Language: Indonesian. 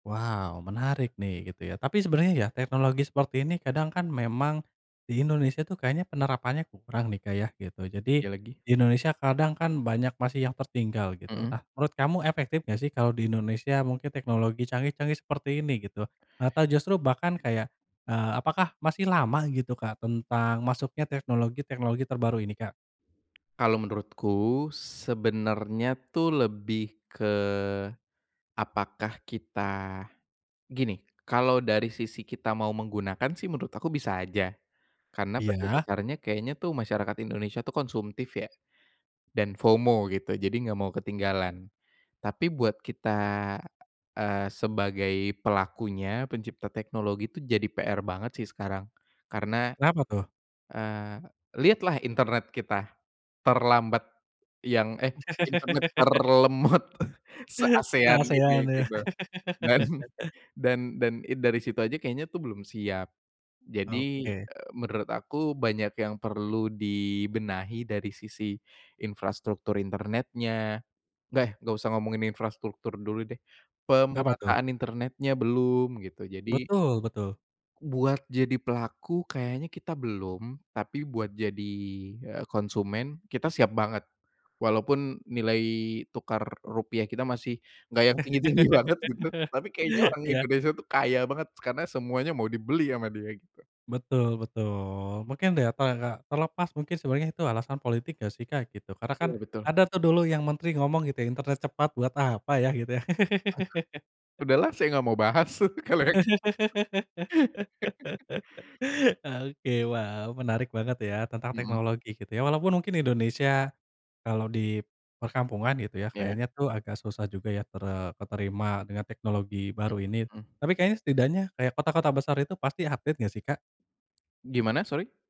Waw, menarik nih, gitu ya. Tapi sebenarnya ya, teknologi seperti ini kadang kan memang di Indonesia tuh kayaknya penerapannya kurang nih, Kak. Yah, gitu. Jadi, Iya lagi. di Indonesia kadang kan banyak masih yang tertinggal, gitu. Heeh. Nah, menurut kamu efektif enggak sih kalau di Indonesia mungkin teknologi canggih-canggih seperti ini, gitu? Atau justru bahkan kayak, eee, apakah masih lama, gitu, Kak, tentang masuknya teknologi-teknologi terbaru ini, Kak? Kalau menurutku, sebenarnya tuh lebih ke apakah kita gini, kalau dari sisi kita mau menggunakan sih menurut aku bisa aja. Karena pada Iya. dasarnya kayaknya tuh masyarakat Indonesia tuh konsumtif ya, dan FOMO gitu, jadi enggak mau ketinggalan. Tapi buat kita, eee, sebagai pelakunya, pencipta teknologi, itu jadi PR banget sih sekarang. Karena, Kenapa tuh? eee, lihatlah internet kita terlambat, yang, eh, internet terlemot se-ASEAN, gini, Se-ASEAN ya. gitu. Dan, dan dan i dari situ aja kayaknya tuh belum siap. Jadi, Oke. eee, menurut aku banyak yang perlu dibenahi dari sisi infrastruktur internetnya. Eh, enggak usah ngomongin infrastruktur dulu deh, Apa tuh? pemerataan internetnya belum, gitu, jadi Betul, betul. Buat jadi pelaku kayaknya kita belum, tapi buat jadi, eee, konsumen kita siap banget. Walaupun nilai tukar rupiah kita masih enggak yang tinggi-tinggi banget, gitu, tapi kayaknya orang Iya. Indonesia tuh kaya banget, karena semuanya mau dibeli sama dia, gitu. Betul betul. Mungkin deh, apa enggak terlepas mungkin sebenarnya itu alasan politik enggak sih, Kak, gitu. Karena kan Ya betul. ada tuh dulu yang menteri ngomong gitu, "Internet cepat buat apa ya?" gitu yah. Udah lah saya enggak mau bahas kalau yang Oke, waw, menarik banget ya tentang Mhm. teknologi, gitu ya. Walaupun mungkin Indonesia, kalau di perkampungan gitu ya, Iya. kayaknya tuh agak susah juga ya tere keterima dengan teknologi Mmm, baru ini. heeh. Tapi kayaknya, setidaknya, kayak kota-kota besar itu pasti update, enggak sih, Kak? Gimana sori?